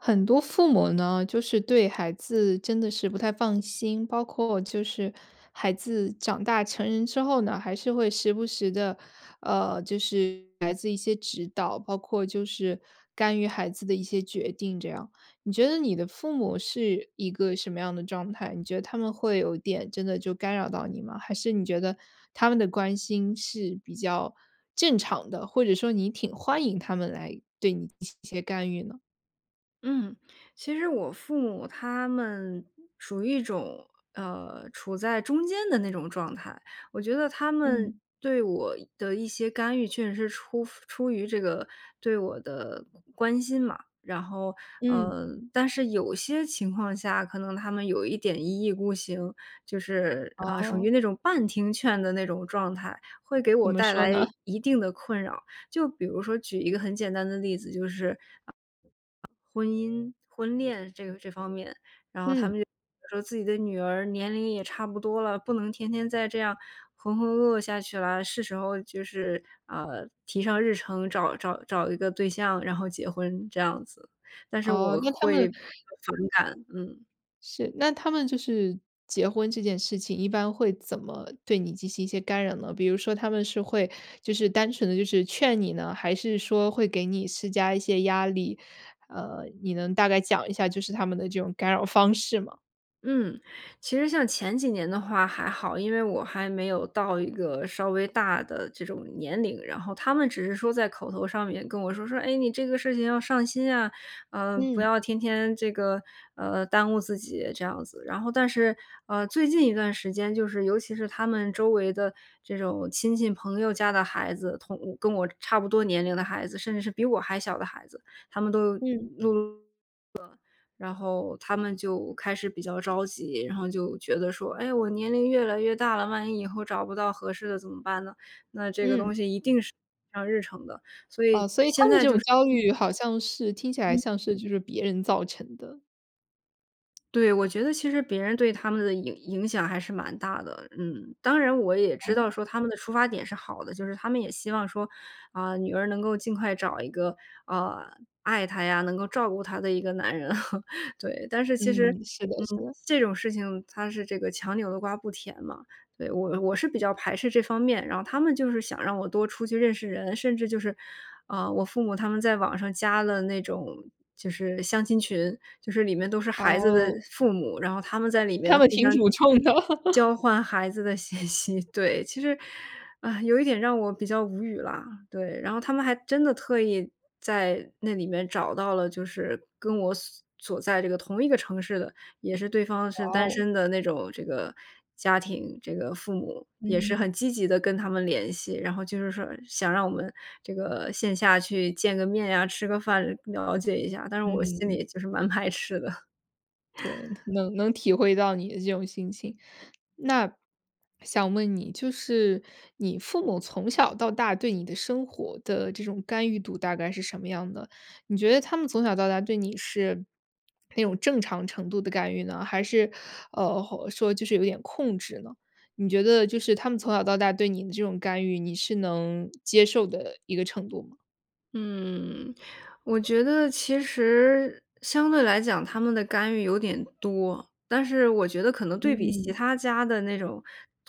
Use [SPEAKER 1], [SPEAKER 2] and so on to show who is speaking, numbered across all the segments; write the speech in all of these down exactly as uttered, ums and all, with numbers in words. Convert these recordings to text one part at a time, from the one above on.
[SPEAKER 1] 很多父母呢，就是对孩子真的是不太放心，包括就是孩子长大成人之后呢，还是会时不时地，呃，就是来自一些指导，包括就是干预孩子的一些决定这样。你觉得你的父母是一个什么样的状态？你觉得他们会有点真的就干扰到你吗？还是你觉得他们的关心是比较正常的，或者说你挺欢迎他们来对你进行一些干预呢？
[SPEAKER 2] 嗯，其实我父母他们属于一种，呃，处在中间的那种状态。我觉得他们
[SPEAKER 1] 嗯。
[SPEAKER 2] 对我的一些干预确实是出出于这个对我的关心嘛，然后，
[SPEAKER 1] 嗯。
[SPEAKER 2] 呃，但是有些情况下，可能他们有一点一意孤行，就是，啊，属于
[SPEAKER 1] 哦。
[SPEAKER 2] 那种半听劝的那种状态，会给
[SPEAKER 1] 怎
[SPEAKER 2] 我
[SPEAKER 1] 么
[SPEAKER 2] 带
[SPEAKER 1] 说
[SPEAKER 2] 来
[SPEAKER 1] 呢？
[SPEAKER 2] 一定的困扰。就比如说举一个很简单的例子，就是，婚姻婚恋这个这方面，然后他
[SPEAKER 1] 嗯。
[SPEAKER 2] 们就说：“自己的女儿年龄也差不多了，不能天天再这样浑浑噩噩下去了，是时候就是啊提上日程，找找找一个对象，然后结婚“，这样子，但是
[SPEAKER 1] 哦，
[SPEAKER 2] 我
[SPEAKER 1] 那他
[SPEAKER 2] 会
[SPEAKER 1] 们
[SPEAKER 2] 反感。嗯。
[SPEAKER 1] 是，那他们就是结婚这件事情，一般会怎么对你进行一些干扰呢？比如说他们是会，就是单纯地就是劝你呢，还是说会给你施加一些压力？呃，你能大概讲一下就是他们的这种干扰方式吗？
[SPEAKER 2] 嗯，其实像前几年的话还好，因为我还没有到一个稍微大的这种年龄，然后他们只是说在口头上面跟我说，说：“哎，你这个事情要上心啊，呃，不
[SPEAKER 1] 嗯。
[SPEAKER 2] 要天天这个，呃，耽误自己”，这样子。然后但是，啊，最近一段时间，就是尤其是他们周围的这种亲戚朋友家的孩子，同跟我差不多年龄的孩子，甚至是比我还小的孩子，他们都
[SPEAKER 1] 嗯。
[SPEAKER 2] 然后他们就开始比较着急。然后就觉得说，诶，我年龄越来越大了，万一以后找不到合适的，怎么办呢？那这个东
[SPEAKER 1] 嗯。
[SPEAKER 2] 西一定是上日程的，所以
[SPEAKER 1] 哦，所以
[SPEAKER 2] 现
[SPEAKER 1] 他们的这种焦
[SPEAKER 2] 在就是
[SPEAKER 1] 虑，好像是听起来像是就是别人造成的。
[SPEAKER 2] 对，我觉得其实别人对他们的影影响还是蛮大的。嗯，当然我也知
[SPEAKER 1] 哦。
[SPEAKER 2] 道说他们的出发点是好的，就是他们也希望说，啊，女儿能够尽快找一个，啊，爱她呀，能够照顾她的一个男人，对。但是其实，
[SPEAKER 1] 嗯，是的，
[SPEAKER 2] 嗯，
[SPEAKER 1] 是的。
[SPEAKER 2] 这种事情，它是这个强扭的瓜不甜嘛。对，我我是比较排斥这方面，然后他们就是想让我多出去认识人，甚至就是啊，我父母他们在网上加了那种就是相亲群，就是里面都是孩子的
[SPEAKER 1] 哦。
[SPEAKER 2] 父母，然后他们在里
[SPEAKER 1] 他
[SPEAKER 2] 面
[SPEAKER 1] 们
[SPEAKER 2] 互
[SPEAKER 1] 挺
[SPEAKER 2] 相
[SPEAKER 1] 主冲的。
[SPEAKER 2] 交 换孩子的信息。对，其实啊，有一点让我比较无语了，对，然后他们还真的特意在那里面找到了，就是跟我所所在这个同一个城市的，也是对方
[SPEAKER 1] 哇
[SPEAKER 2] 是单
[SPEAKER 1] 哦。
[SPEAKER 2] 身的那种这个家庭。这个父母也是很
[SPEAKER 1] 嗯。
[SPEAKER 2] 积极地跟他们联系，然后就是说想让我们这个线下去见个面呀，吃个饭了解一下，但是我心
[SPEAKER 1] 嗯。
[SPEAKER 2] 里就是蛮排斥的。
[SPEAKER 1] 对，能能体会到你的这种心情，那想问你就是你父母从小到大，对你的生活的这种干预度，大概是什么样的？你觉得他们从小到大，对你是那种正常程度的干预呢？还是，呃，说就是有点控制呢？你觉得就是他们从小到大对你的这种干预，你是能接受的一个程度吗？
[SPEAKER 2] 嗯，我觉得其实相对来讲，他们的干预有点多。但是我觉得可能对比其
[SPEAKER 1] 嗯。
[SPEAKER 2] 他家的那种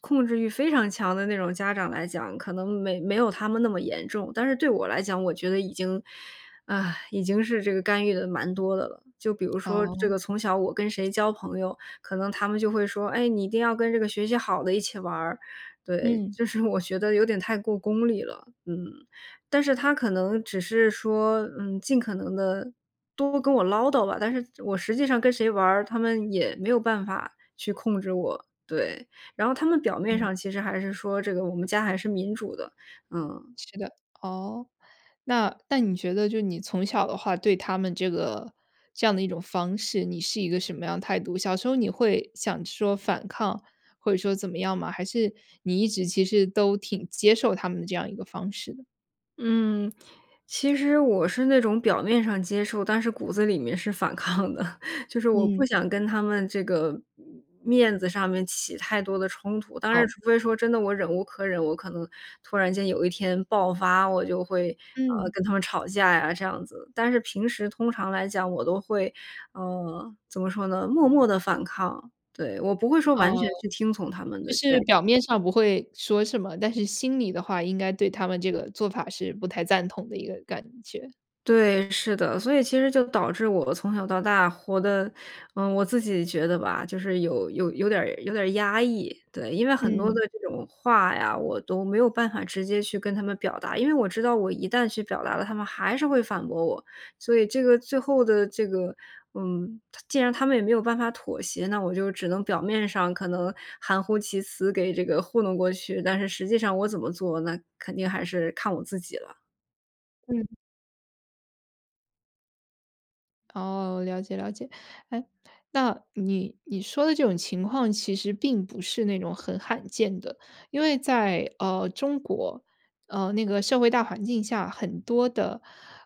[SPEAKER 2] 控制欲非常强的那种家长来讲，可能没没有他们那么严重，但是对我来讲，我觉得已经，啊，已经是这个干预得蛮多的了。就比如说这
[SPEAKER 1] 哦。
[SPEAKER 2] 个从小我跟谁交朋友，可能他们就会说：“哎，你一定要跟这个学习好的一起玩儿”，对，
[SPEAKER 1] 嗯。
[SPEAKER 2] 就是我觉得有点太过功利了。嗯，但是他可能只是说，嗯，尽可能地多跟我唠叨吧，但是我实际上跟谁玩儿，他们也没有办法去控制我。对，然后他们表面
[SPEAKER 1] 嗯。
[SPEAKER 2] 上其实还是说：“这个我们家还是民主的”，嗯。
[SPEAKER 1] 是的，哦，那那你觉得就你从小的话对他们这个这样的一种方式，你是一个什么样态度？小时候你会想说反抗或者说怎么样吗？还是你一直其实都挺接受他们这样一个方式的？
[SPEAKER 2] 嗯，其实我是那种表面上接受，但是骨子里面是反抗的，就是我不
[SPEAKER 1] 嗯。
[SPEAKER 2] 想跟他们这个面子上面起太多的冲突，当然
[SPEAKER 1] 哦。
[SPEAKER 2] 除非说真的，我忍无可忍，我可能突然间有一天爆发，我就会，呃，
[SPEAKER 1] 嗯。
[SPEAKER 2] 跟他们吵架呀，这样子。但是平时通常来讲，我都会，呃，怎么说呢？默默地反抗，对，我不会说完
[SPEAKER 1] 哦，
[SPEAKER 2] 全去听从他们
[SPEAKER 1] 就
[SPEAKER 2] 的
[SPEAKER 1] 是
[SPEAKER 2] 建议。
[SPEAKER 1] 表面上不会说什么，但是心里的话，应该对他们这个做法是不太赞同的一个感觉。
[SPEAKER 2] 对，是的。所以其实就导致我从小到大活得呃，我自己觉得吧，就是有有有点儿有点儿压抑。对，因为很多的
[SPEAKER 1] 嗯。
[SPEAKER 2] 这种话呀，我都没有办法直接去跟他们表达。因为我知道我一旦去表达了，他们还是会反驳我。所以这个最后的这个嗯，他既然他们也没有办法妥协，那我就只能表面上可能含糊其辞给这个糊弄过去。但是实际上我怎么做，那肯定还是看我自己了。
[SPEAKER 1] 嗯。哦，了解了解。哎？那，你你说的这种情况其实并不是那种很罕见的。因为在，呃中国，呃那个社会大环境下很多的，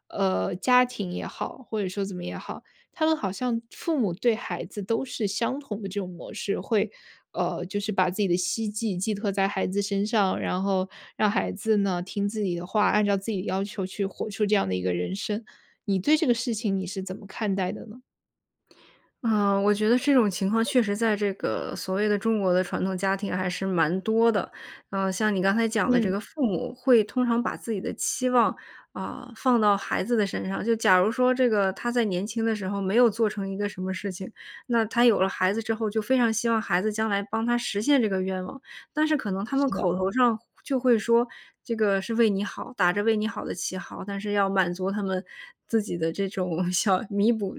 [SPEAKER 1] 呃家庭也好，或者说怎么也好，他们好像父母对孩子都是相同的这种模式，会呃就是把自己的希冀寄托在孩子身上，然后让孩子呢听自己的话，按照自己的要求去活出这样的一个人生。你对这个事情你是怎么看待的呢？
[SPEAKER 2] 啊，我觉得这种情况，确实在这个所谓的中国的传统家庭还是蛮多的。呃，像你刚才讲的这
[SPEAKER 1] 嗯。
[SPEAKER 2] 个父母会通常把自己的期望，啊，放到孩子的身上，就假如说这个他在年轻的时候没有做成一个什么事情，那他有了孩子之后，就非常希望孩子将来帮他实现这个愿望。但是可能他们
[SPEAKER 1] 是的。
[SPEAKER 2] 口头上就会说：“这个是为你好”，打着为你好的旗号，但是要满足他们自己的这种想弥补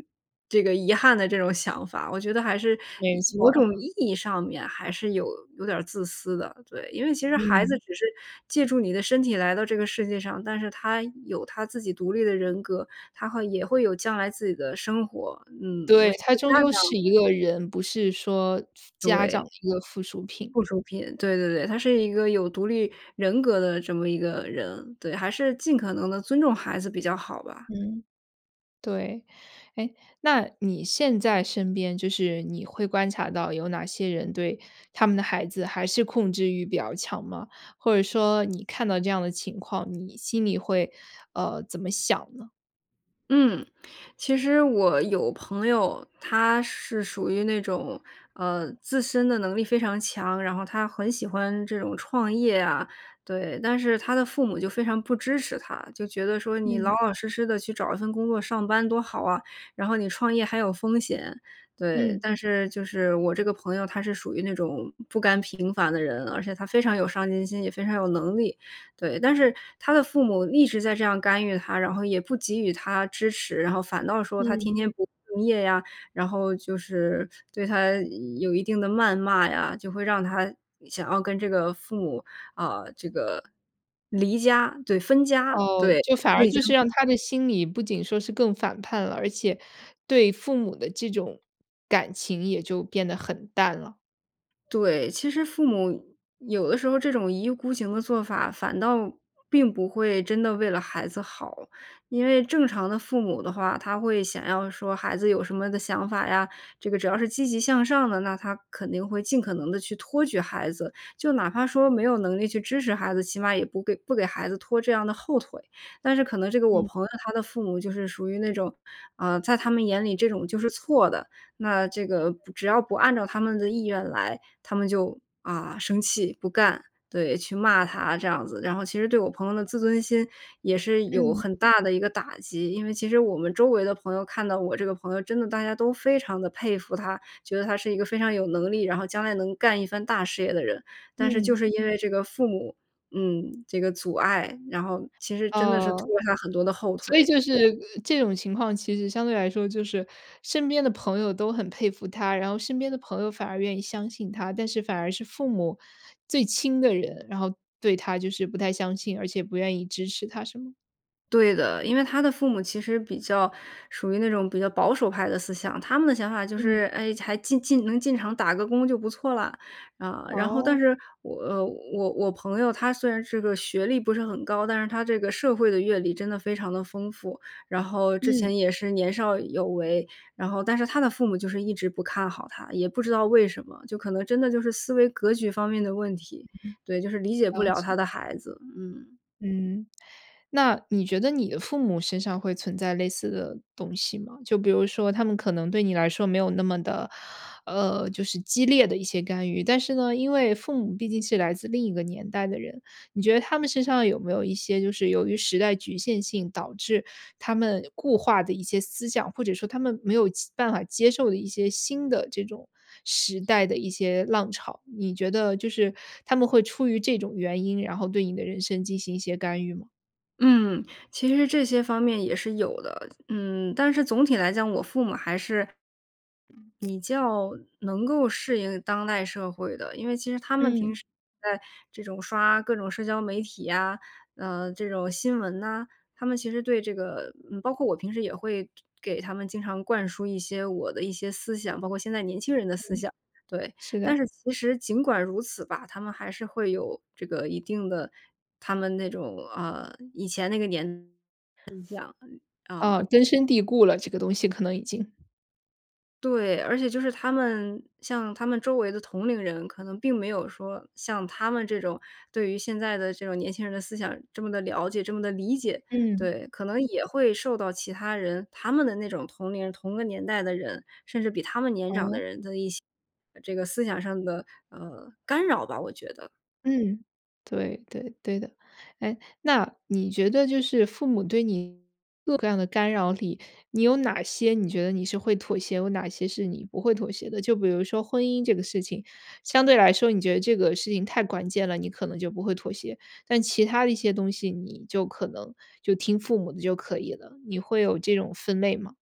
[SPEAKER 2] 这个遗憾的这种想法，我觉得还是
[SPEAKER 1] 没
[SPEAKER 2] 意某
[SPEAKER 1] 错。
[SPEAKER 2] 种意义上面还是有有点儿自私的，对。因为其实孩子
[SPEAKER 1] 嗯。
[SPEAKER 2] 只是借助你的身体来到这个世界上，但是他有他自己独立的人格，他会也会有将来自己的生活，嗯。我
[SPEAKER 1] 对，
[SPEAKER 2] 觉
[SPEAKER 1] 他
[SPEAKER 2] 得家
[SPEAKER 1] 终究是
[SPEAKER 2] 长
[SPEAKER 1] 一个人，不是说，家长
[SPEAKER 2] 对。
[SPEAKER 1] 的一个附属品。
[SPEAKER 2] 附属品，对对对。他是一个有独立人格的这么一个人，对，还是尽可能地尊重孩子比较好吧。
[SPEAKER 1] 嗯，对。哎，那你现在身边就是你会观察到有哪些人对他们的孩子还是控制欲比较强吗？或者说你看到这样的情况，你心里会，呃，怎么想呢？
[SPEAKER 2] 嗯，其实我有朋友，他是属于那种，呃，自身的能力非常强，然后他很喜欢这种创业啊。对，但是他的父母就非常不支持他，就觉得说你老
[SPEAKER 1] 嗯。
[SPEAKER 2] 老实实地去找一份工作，上班多好啊，然后你创业还有风险，对。
[SPEAKER 1] 嗯。
[SPEAKER 2] 但是就是，我这个朋友他是属于那种不甘平凡的人，而且他非常有上进心，也非常有能力。对，但是他的父母一直在这样干预他，然后也不给予他支持，然后反倒说他
[SPEAKER 1] 嗯。
[SPEAKER 2] 天天不敬业呀，然后就是对他有一定的谩骂呀，就会有让他想要跟这个父母，啊，这个离家对，分家，
[SPEAKER 1] 哦，
[SPEAKER 2] 对。
[SPEAKER 1] 就反
[SPEAKER 2] 他
[SPEAKER 1] 而
[SPEAKER 2] 已经
[SPEAKER 1] 就是让他的心里不仅说是更反叛了，而且对父母的这种感情也就变得很淡了。
[SPEAKER 2] 对，其实父母有的时候，这种一意孤行的做法，反倒并不会真的为了孩子好。因为正常的父母的话，他会想要说孩子有什么的想法呀，这个只要是积极向上的，那他肯定会尽可能地去托举孩子，就哪怕说没有能力去支持孩子，起码也不给不给孩子拖这样的后腿。但是可能这个我
[SPEAKER 1] 嗯。
[SPEAKER 2] 朋友，他的父母就是属于那种，啊，在他们眼里，这种就是错的，那这个不只要不按照他们的意愿来，他们就啊，生气、不干，对，去骂他这样子，然后其实对我朋友的自尊心，也是有
[SPEAKER 1] 嗯。
[SPEAKER 2] 很大的一个打击。因为其实我们周围的朋友看到我这个朋友，真的大家都非常地佩服他，觉得他是一个非常有能力，然后将来能干一番大事业的人，但是就
[SPEAKER 1] 嗯。
[SPEAKER 2] 是因为这个父母，嗯，这个阻碍，然后，其实真的是
[SPEAKER 1] 哦，
[SPEAKER 2] 拖了他很多的后
[SPEAKER 1] 所以
[SPEAKER 2] 腿。
[SPEAKER 1] 就是，呃，这种情况，其实相对来说就是身边的朋友都很佩服他，然后身边的朋友反而愿意相信他，但是反而是父母-最亲的人，然后对他就是不太相信，而且不愿意支持他，是吗？
[SPEAKER 2] 对的，因为他的父母其实比较属于那种比较保守派的思想。他们的想法就
[SPEAKER 1] 嗯。
[SPEAKER 2] 是，哎，还进进能进场打个工就不错啦，嗯，然后但
[SPEAKER 1] 哦。
[SPEAKER 2] 是我，呃，我我朋友，他虽然这个学历不是很高，但是他这个社会的阅历真的非常的丰富。然后之
[SPEAKER 1] 嗯。
[SPEAKER 2] 前也是年少有为，然后但是他的父母就是一直不看好他，也不知道为什么，就可能真的就是思维格局方面的问题。对，就是理解不
[SPEAKER 1] 了
[SPEAKER 2] 了他
[SPEAKER 1] 解。
[SPEAKER 2] 的孩子。嗯。
[SPEAKER 1] 嗯，那你觉得你的父母身上会存在类似的东西吗？就比如说他们可能对你来说没有那么的，呃，就是激烈的一些干预。但是呢，因为父母毕竟是来自另一个年代的人，你觉得他们身上有没有一些就是由于时代局限性导致他们固化的一些思想，或者说他们没有其办法接受的一些新的这种时代的一些浪潮？你觉得就是他们会出于这种原因，然后对你的人生进行一些干预吗？
[SPEAKER 2] 嗯，其实这些方面也是有的。嗯，但是总体来讲，我父母还是比较能够适应当代社会的，因为其实他们平
[SPEAKER 1] 嗯。
[SPEAKER 2] 时在这种刷各种社交媒体呀，呃，这种新闻呐，他们其实对这个，嗯，包括我平时也会就给他们经常灌输一些我的一些思想，包括现在年轻人的
[SPEAKER 1] 嗯。
[SPEAKER 2] 思想。对，
[SPEAKER 1] 是
[SPEAKER 2] 但
[SPEAKER 1] 的。
[SPEAKER 2] 是其实尽管如此吧，他们还是会有这个一定的他们那种，啊，以前那个年 [unintelligible] 就这样，啊。
[SPEAKER 1] 啊，根深蒂固了，这个东西可能已经。
[SPEAKER 2] 对，而且就是他们像他们周围的同龄人，可能并没有说像他们这种，对于现在的这种年轻人的思想这么地了解这么地理解。
[SPEAKER 1] 嗯。
[SPEAKER 2] 对，可能也会受到其他人，他们的那种同龄人、同个年代的人，甚至比他们年长
[SPEAKER 1] 哦。
[SPEAKER 2] 的人的一些这个思想上的，呃，干扰吧，我觉得。
[SPEAKER 1] 嗯，对，对，对的。哎，那你觉得就是父母对你各种各样的干扰里，你有哪些你觉得你是会妥协，有哪些是你不会妥协的？就比如说婚姻这个事情，相对来说你觉得这个事情太关键了，你可能就不会妥协。但其他的一些东西，你就可能就听父母的就可以了，你会有这种分类吗？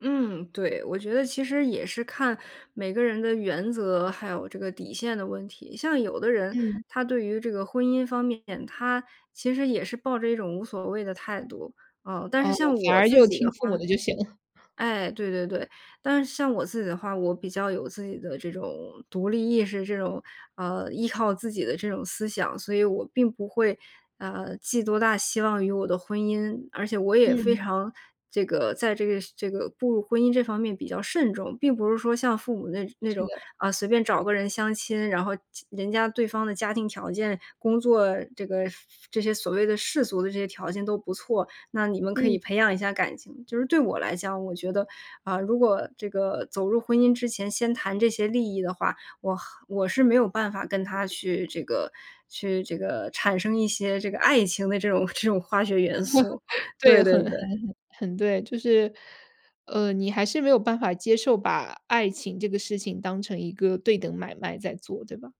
[SPEAKER 2] 嗯，对，我觉得其实也是看每个人的原则，还有这个底线的问题。像有的人，
[SPEAKER 1] 嗯。
[SPEAKER 2] 他对于这个婚姻方面，他其实也是抱着一种无所谓的态度，呃。但是
[SPEAKER 1] 哦，
[SPEAKER 2] 像
[SPEAKER 1] 反
[SPEAKER 2] 我
[SPEAKER 1] 而
[SPEAKER 2] 自
[SPEAKER 1] 就
[SPEAKER 2] 己的
[SPEAKER 1] 听父
[SPEAKER 2] 话
[SPEAKER 1] 母的就行了。
[SPEAKER 2] 哎，对对对，但是像我自己的话，我比较有自己的这种独立意识，这种，呃，依靠自己的这种思想，所以我并不会，呃，寄多大希望于我的婚姻，而且我也非
[SPEAKER 1] 嗯。
[SPEAKER 2] 常这个在这个这个步入婚姻这方面比较慎重，并不是说像父母那那
[SPEAKER 1] 是
[SPEAKER 2] 种，
[SPEAKER 1] 的。
[SPEAKER 2] 啊，随便找个人相亲，然后，亲人家对方的家庭条件、工作，这个这些所谓的世俗的这些条件都不错，那你们可
[SPEAKER 1] 嗯。
[SPEAKER 2] 以培养一下感情。就是对我来讲，我觉得，啊，如果这个走入婚姻之前，先谈这些利益的话，我和我是没有办法跟他去这个去这个，产生一些这个爱情的这种这种化学元素，
[SPEAKER 1] 对，
[SPEAKER 2] 对对
[SPEAKER 1] 很
[SPEAKER 2] 对。
[SPEAKER 1] 很很很对，就是，呃，你还是没有办法接受，把爱情这个事情当成一个对等买卖在做，对吧？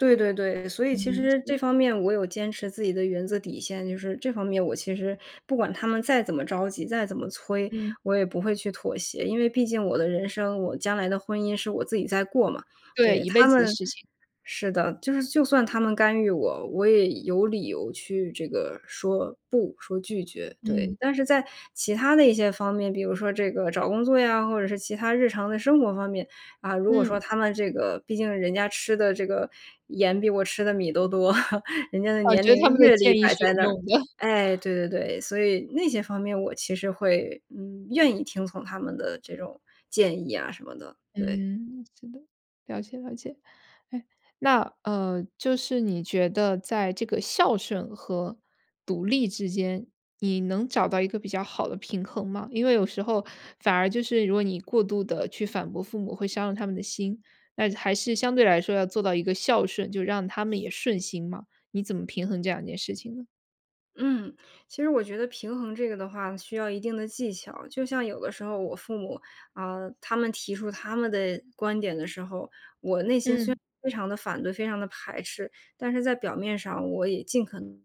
[SPEAKER 2] 对对对。所以其
[SPEAKER 1] 嗯，
[SPEAKER 2] 实
[SPEAKER 1] 是。
[SPEAKER 2] 这方面我有坚持自己的原则底线，就是这方面，我其实不管他们再怎么着急，再怎么催，
[SPEAKER 1] 嗯。
[SPEAKER 2] 我也不会去妥协，因为毕竟我的人生，我将来的婚姻是我自己在过嘛。
[SPEAKER 1] 对，
[SPEAKER 2] 对，
[SPEAKER 1] 一
[SPEAKER 2] 他
[SPEAKER 1] 辈子的
[SPEAKER 2] 们
[SPEAKER 1] 事情。
[SPEAKER 2] 是的，就是就算他们干预我，我也有理由去这个说不，说拒绝，对。
[SPEAKER 1] 嗯。
[SPEAKER 2] 但是在其他的一些方面，比如说这个找工作呀，或者是其他日常的生活方面，啊，如果说
[SPEAKER 1] 嗯。
[SPEAKER 2] 他们这个毕竟人家吃的这个盐比我吃的米都多，人家的
[SPEAKER 1] 我
[SPEAKER 2] 年
[SPEAKER 1] 觉得他
[SPEAKER 2] 龄
[SPEAKER 1] 们的
[SPEAKER 2] 阅历
[SPEAKER 1] 建议
[SPEAKER 2] 摆
[SPEAKER 1] 是
[SPEAKER 2] 在
[SPEAKER 1] 有
[SPEAKER 2] 那儿。
[SPEAKER 1] 用的。
[SPEAKER 2] 哎，对对对，所以那些方面我其实会，嗯，愿意听从他们的这种建议呀什么的。对。
[SPEAKER 1] 嗯，是的，了解了解。哎，那呃就是你觉得在这个孝顺和独立之间，你能找到一个比较好的平衡吗？因为有时候反而就是如果你过度地去反驳父母会伤了他们的心，那还是相对来说要做到一个孝顺，就让他们也顺心嘛，你怎么平衡这两件事情呢？
[SPEAKER 2] 嗯，其实我觉得平衡这个的话，需要一定的技巧，就像有的时候我父母，啊，他们提出他们的观点的时候，我内心虽然
[SPEAKER 1] 嗯。
[SPEAKER 2] 非常地反对、非常地排斥，但是在表面上，我也尽可能不发生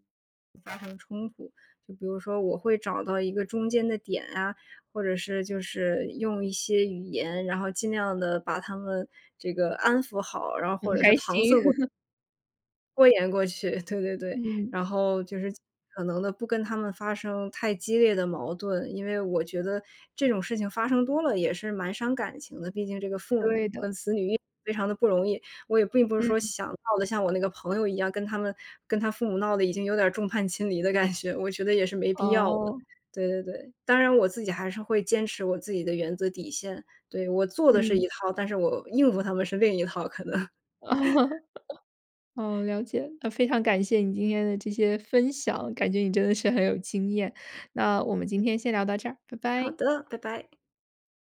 [SPEAKER 2] 冲突，就比如说我会找到一个中间的点啊，或者是，就是用一些语言，然后尽量地把他们这个安抚好，然后
[SPEAKER 1] 很
[SPEAKER 2] 或者是
[SPEAKER 1] 开
[SPEAKER 2] 搪
[SPEAKER 1] 心。
[SPEAKER 2] 塞过 拖延过去，对对对。
[SPEAKER 1] 嗯。
[SPEAKER 2] 然后就是尽可能地不跟他们发生太激烈的矛盾。因为我觉得这种事情发生多了，也是蛮伤感情的。毕竟这个父母
[SPEAKER 1] 对的。
[SPEAKER 2] 跟子女也非常地不容易，我也并不是说
[SPEAKER 1] 嗯。
[SPEAKER 2] 想闹得像我那个朋友一样，跟他们跟他父母闹得已经有点儿众叛亲离的感觉，我觉得也是没必要的，
[SPEAKER 1] 哦。
[SPEAKER 2] 对对对。当然我自己还是会坚持我自己的原则底线。对，我做的是
[SPEAKER 1] 嗯。
[SPEAKER 2] 一套，但是我应付他们是另一套可能。
[SPEAKER 1] 哦，哦，了解。那非常感谢你今天的这些分享，感觉你真的是很有经验，那我们今天先聊到这儿，拜
[SPEAKER 2] 好
[SPEAKER 1] 拜。
[SPEAKER 2] 的，拜拜。